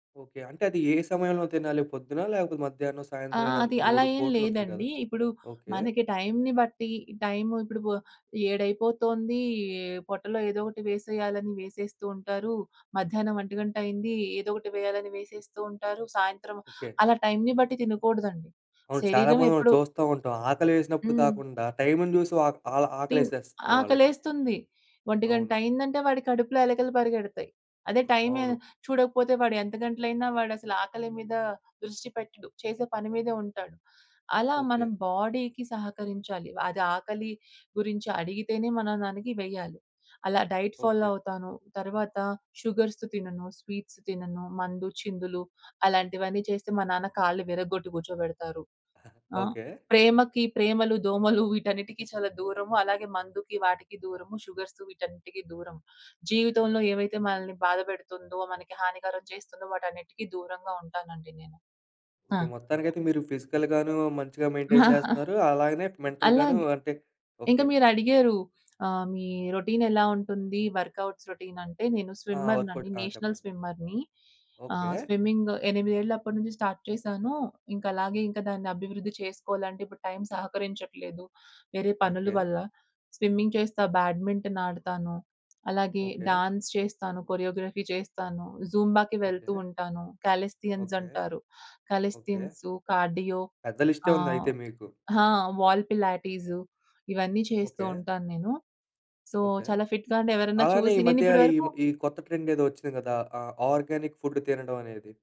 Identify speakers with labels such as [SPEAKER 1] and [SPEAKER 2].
[SPEAKER 1] Okay. అంటే అది ఏ సమయంలో తినాలి? పొద్దునా? లేపోతే మధ్యాహ్నం,
[SPEAKER 2] ఆ!
[SPEAKER 1] సాయంత్రం ఇలా
[SPEAKER 2] అది అలా
[SPEAKER 1] 3
[SPEAKER 2] ఏం
[SPEAKER 1] పూటలుంటాయి కదా!
[SPEAKER 2] లేదండి. ఇప్పుడు
[SPEAKER 1] ఓకే.
[SPEAKER 2] మనకి టైంని బట్టి టైము ఇప్పుడు బొ ఏడైపోతుందీ పొట్టలో ఏదొకటి వేసేయాలని వేసేస్తూ ఉంటారు. మధ్యాహ్నం ఒంటి గంటైయింది ఏదొకటి వేయాలని వేసేస్తూ ఉంటారు. సాయంత్రం
[SPEAKER 1] ఓకే.
[SPEAKER 2] అలా టైంని బట్టి తినకూడదండి.
[SPEAKER 1] అవును. చాలా
[SPEAKER 2] శరీరం
[SPEAKER 1] మంది మనం
[SPEAKER 2] ఎప్పుడు
[SPEAKER 1] చూస్తా ఉంటాం. ఆకలేసినప్పుడు
[SPEAKER 2] హ్మ్.
[SPEAKER 1] కాకుండా టైముని జూసి ఆక్ ఆల్
[SPEAKER 2] టివ్
[SPEAKER 1] ఆకలేసేస్తది వాళ్ళకి.
[SPEAKER 2] ఆకలేస్తుంది. ఒంటి గంట
[SPEAKER 1] అవును.
[SPEAKER 2] అయిందంటే వాడి కడుపులో ఎలకలు పరిగెడతాయి. అదే టైమే
[SPEAKER 1] అవును.
[SPEAKER 2] చూడకపోతే, వాడెంత గంటలైనా వాడసల ఆకలి మీద దృష్టి పెట్టడు. చేసే పని మీదే ఉంటాడు. అలా మనం
[SPEAKER 1] ఓకే.
[SPEAKER 2] బాడీకి సహకరించాలి. అది ఆకలి గురించి అడిగితేనే మనం దానికి వేయాలి. అలా డైట్ ఫాలో
[SPEAKER 1] ఓకే.
[SPEAKER 2] అవుతాను. తర్వాత షుగర్స్ తినను, స్వీట్స్ తినను, మందు చిందులు అలాంటివన్నీ చేస్తే మా నాన్న కాళ్ళు విరగొట్టి కూర్చోబెడతారు. ఆ!
[SPEAKER 1] ఓకే.
[SPEAKER 2] ప్రేమకి ప్రేమలు, దోమలు వీటన్నిటికి చాలా దూరము అలాగే మందుకి వాటికి దూరము షుగర్స్ వీటన్నిటికి దూరము. జీవితంలో ఏవైతే మనల్ని బాధపెడుతుందో, మనకి హానికరం చేస్తుందో వాటన్నిటికి దూరంగా ఉంటానండి నేను. ఆ!
[SPEAKER 1] ఓకే. మొత్తానికైతే మీరు ఫిజికల్‌గాను, మంచిగా మెయింటైన్ జేస్తున్నారు అలాగనే మెంటల్‌గాను
[SPEAKER 2] అలాగే,
[SPEAKER 1] అంటే
[SPEAKER 2] ఇంక
[SPEAKER 1] ఓకే.
[SPEAKER 2] మీరడిగారు ఆహ్, మీ రొటీన్ ఎలా ఉంటుంది, వర్కౌట్స్ రొటీన్ అంటే నేను
[SPEAKER 1] ఆ!
[SPEAKER 2] స్విమ్మర్‌నండి.
[SPEAKER 1] వర్కౌట్ ఆ!
[SPEAKER 2] నేషనల్
[SPEAKER 1] చెప్పండి.
[SPEAKER 2] స్విమ్మర్‌ని. ఆహ్,
[SPEAKER 1] ఓకే.
[SPEAKER 2] స్విమ్మింగ్గు ఎనిమిదేళ్లప్పడు నుంచి స్టార్ట్ చేశాను. ఇంక అలాగే ఇంకా దాన్ని అభివృద్ధి చేసుకోవాలంటే, ఇప్పుడు టైం సహకరించట్లేదు వేరే పనులు
[SPEAKER 1] ఓకే.
[SPEAKER 2] వల్ల. స్విమ్మింగ్ చేస్తా, బ్యాడ్మింటన్ ఆడతాను. అలాగే
[SPEAKER 1] ఓకే.
[SPEAKER 2] డాన్స్ చేస్తాను. కొరియోగ్రఫీ చేస్తాను. జుంబాకి వెళ్తూ
[SPEAKER 1] ఓకే.
[SPEAKER 2] ఉంటాను. Calisthenics
[SPEAKER 1] okay.
[SPEAKER 2] అంటారు.
[SPEAKER 1] ఓకే.
[SPEAKER 2] కాలేస్థియన్సు, కార్డియో
[SPEAKER 1] పెద్ద లిస్టే
[SPEAKER 2] ఆ!
[SPEAKER 1] ఉంది అయితే మీకు.
[SPEAKER 2] హా! వాల్ పిలాటిసు ఇవన్నీ చేస్తూ
[SPEAKER 1] ఓకే.
[SPEAKER 2] ఉంటాను నేను. So,
[SPEAKER 1] okay.
[SPEAKER 2] చాలా ఫిట్‌గా అంటే ఎవరన్న
[SPEAKER 1] అలానే
[SPEAKER 2] చూసి
[SPEAKER 1] ఈ
[SPEAKER 2] నేను
[SPEAKER 1] మధ్య
[SPEAKER 2] ఇప్పడు
[SPEAKER 1] ఈమ
[SPEAKER 2] వరకు
[SPEAKER 1] ఈ కొత్త ట్రెండ్ ఏదో వచ్చింది గదా! ఆహ్, ఆర్గానిక్ ఫుడ్ తినడం అనేది.